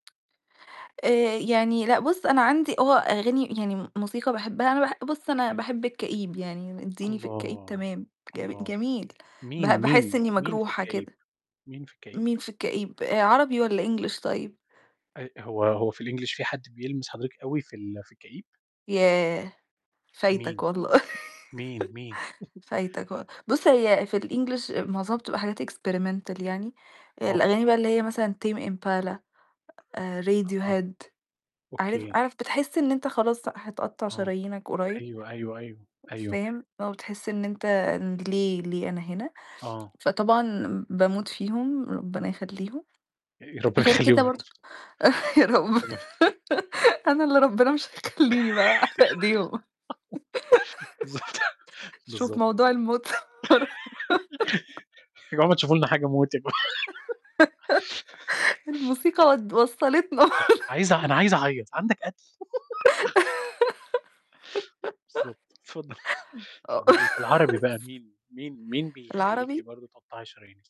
آآ يعني، لأ بُصّ أنا عندي هو أغاني يعني م موسيقى باحبها أنا باح بُص أنا تمام. باحب الكئيب يعني اديني في الكئيب الله، تمام، جم الله! جميل، ب مين، باحس مين، إني مين في مجروحة الكئيب؟ كده. مين في الكئيب؟ مين في الكئيب، آآ عربي والّا English طيب؟ آآ هو هو في الEnglish في حد بيلمس حضرتِك أوي في ال في الكئيب؟ ياه! مين؟ فايتك والله مين، مين؟ فايتك و بُصّ هي في الEnglish معظمها بتبقى حاجات Experimental يعني، آه. الأغاني بقي اللي هي مثلًا Tame Impala، آآ آه، Radiohead، عارف أوكي. عارف بتحس إن أنت خلاص هتقطع آه شرايينك قريب. أيوه، أيوه، أيوه، أيوه. فاهم؟ آه بتحس إن أنت ليه ليه أنا هنا؟ آه. فطبعًا باموت فيهم، ربنا يخلّيهم. آآ ربنا غير كده يخلّيهم يا رب. برضو يا رب تما أنا اللي ربنا مش هيخلّيني بقى ايديهم بالضبط شوف بالضب موضوع الموت يا جماعة ما تشوفوا لنا حاجة موت يا جم الموسيقى ود وصلتنا بالضبط عايزة أنا عايزة أعيط، عندك قتل؟ بالضبط، اتفضلي آه. اتفضلي. العربي بقى مين؟ مين مين بيخلّيكِ العربي؟ برضه تقطعي شرايينِك؟